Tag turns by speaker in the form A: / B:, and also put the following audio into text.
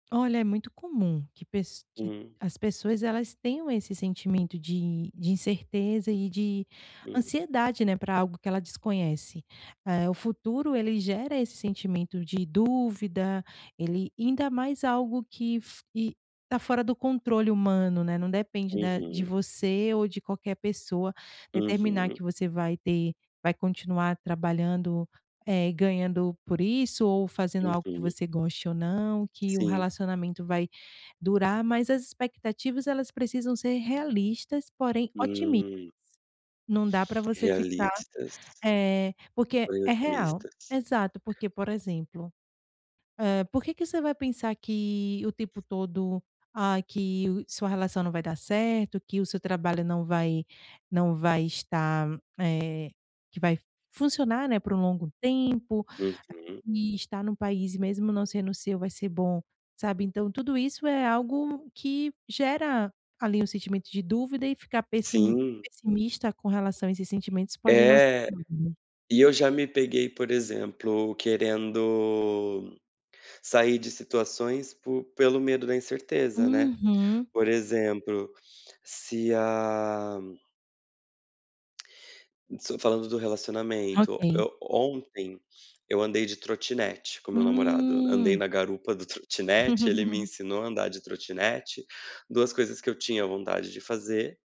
A: Olha é muito comum que pes que
B: Hum.
A: as pessoas elas tenham esse sentimento de de incerteza e de
B: Uhum.
A: ansiedade, né, pra algo que ela desconhece. Eh, o futuro ele gera esse sentimento de dúvida, ele ainda mais algo que f que tá fora do controle humano, né, não depende da de
B: Uhum.
A: você ou de qualquer pessoa determinar
B: Uhum.
A: que você vai ter vai continuar trabalhando, eh, ganhando por isso ou fazendo algo que
B: Uhum.
A: você goste ou não, que o
B: Sim.
A: relacionamento vai durar, mas as expectativas, elas precisam ser realistas porém otimis
B: Hum.
A: não dá pra você ficar
B: Realistas
A: eh, porque
B: porém
A: é real,
B: otimistas.
A: exato porque, por exemplo, eh, por que que você vai pensar que o tempo todo, ah, que o sua relação não vai dar certo, que o seu trabalho não vai não vai estar, eh, que vai funcionar né por um longo tempo
B: Uhum.
A: e estar num país e mesmo não sendo o seu vai ser bom, sabe. Então, tudo isso é algo que gera ali um sentimento de dúvida e ficar pessi
B: Sim.
A: pessimista com relação a esses sentimentos pode não ser.
B: É,
A: [unintelligible]
B: e eu já me peguei, por exemplo, querendo sair de situações por pelo medo da incerteza, né.
A: Uhum.
B: Por exemplo, se a estou falando do relacionamento,
A: Ok.
B: eu ontem, eu andei de trotinete com meu namorado, andei
A: Hum.
B: na garupa do trotinete, ele me ensinou a andar de trotinete, 2 coisas que eu tinha vontade de fazer.